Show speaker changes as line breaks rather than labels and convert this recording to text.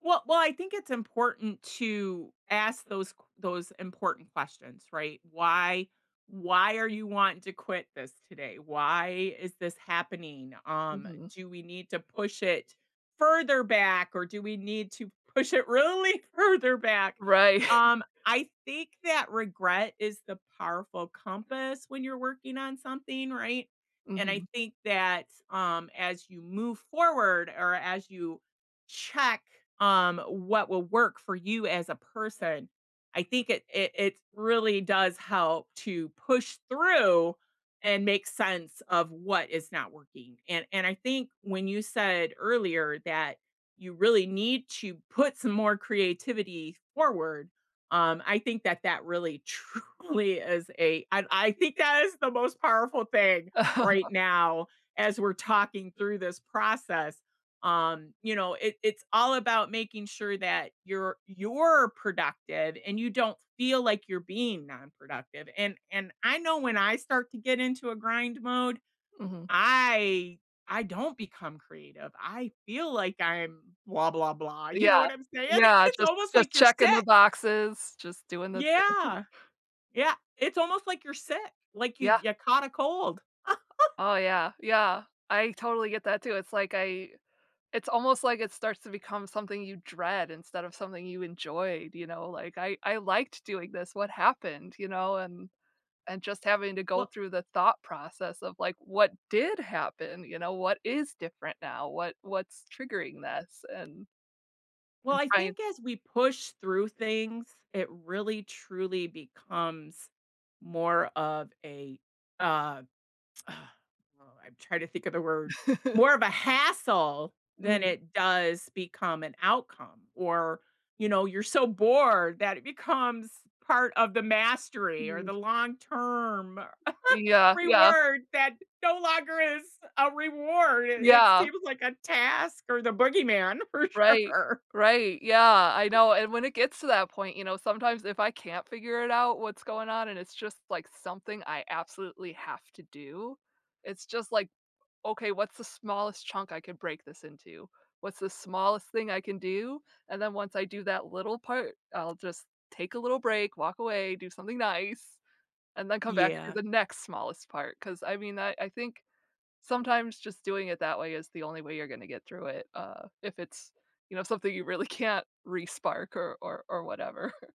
Well well, I think it's important to ask those qu those important questions, right. "Why why are you wanting to quit this today? Why is this happening? Um,
Mhm.
do we need to push it further back, or do we need to push it really further back?"
Right.
Um, I think that regret is the powerful compass when you're working on something, right, and I
Mhm.
think that, um, as you move forward or as you check, um, what will work for you as a person, I think it it it really does help to push through, and make sense of what is not working, and and I think when you said earlier that you really need to put some more creativity forward, um, I think that that really truly is a I I think that is the most powerful thing right now, as we're talking through this process, um, you know, it it's all about making sure that you're you're productive, and you don't feel like you're being nonproductive, and and I know when I start to get into a grind mode,
Mhm.
I I don't become creative. I feel like I'm blah, blah, blah, you know
Yeah,
what I'm saying?
yeah,
It's
just
almost
just
like you're
checking the
sick.
boxes, just doing the thing.
Yeah, yeah, it's almost like you're sick, like you
Yeah.
you caught a cold.
Oh, yeah, yeah, I totally get that, too, it's like, I it's almost like it starts to become something you dread instead of something you enjoyed, you know, like, "I I liked doing this. What happened?" you know, and and just having to go
Well
through the thought process of, like, "What did happen?" you know, "What is different now? What what's triggering this and"
Well,
And
I
try an
think as we push through things, it really, truly becomes more of a, uh, ugh oh, I'm trying to think of the word, more of a hassle than
Mhm.
it does become an outcome, or, you know, you're so bored that it becomes part of the mastery, or the
Mm.
long term
Yeah, yeah.
reward that no longer is a reward, i it
Yeah.
seems like a task or the boogeyman, for
Right,
sure.
right, yeah, I know, and when it gets to that point, you know, sometimes if I can't figure it out what's going on, and it's, just like, something I absolutely have to do, it's just like, "Okay, what's the smallest chunk I could break this into? What's the smallest thing I can do?" And then once I do that little part, I'll just take a little break, walk away, do something nice, and then come back and do
Yeah.
the next smallest part. 'Cause I mean I I think, sometimes just doing it that way is the only way you're gonna get through it, uh if it's, you know, something you really can't respark or or or whatever.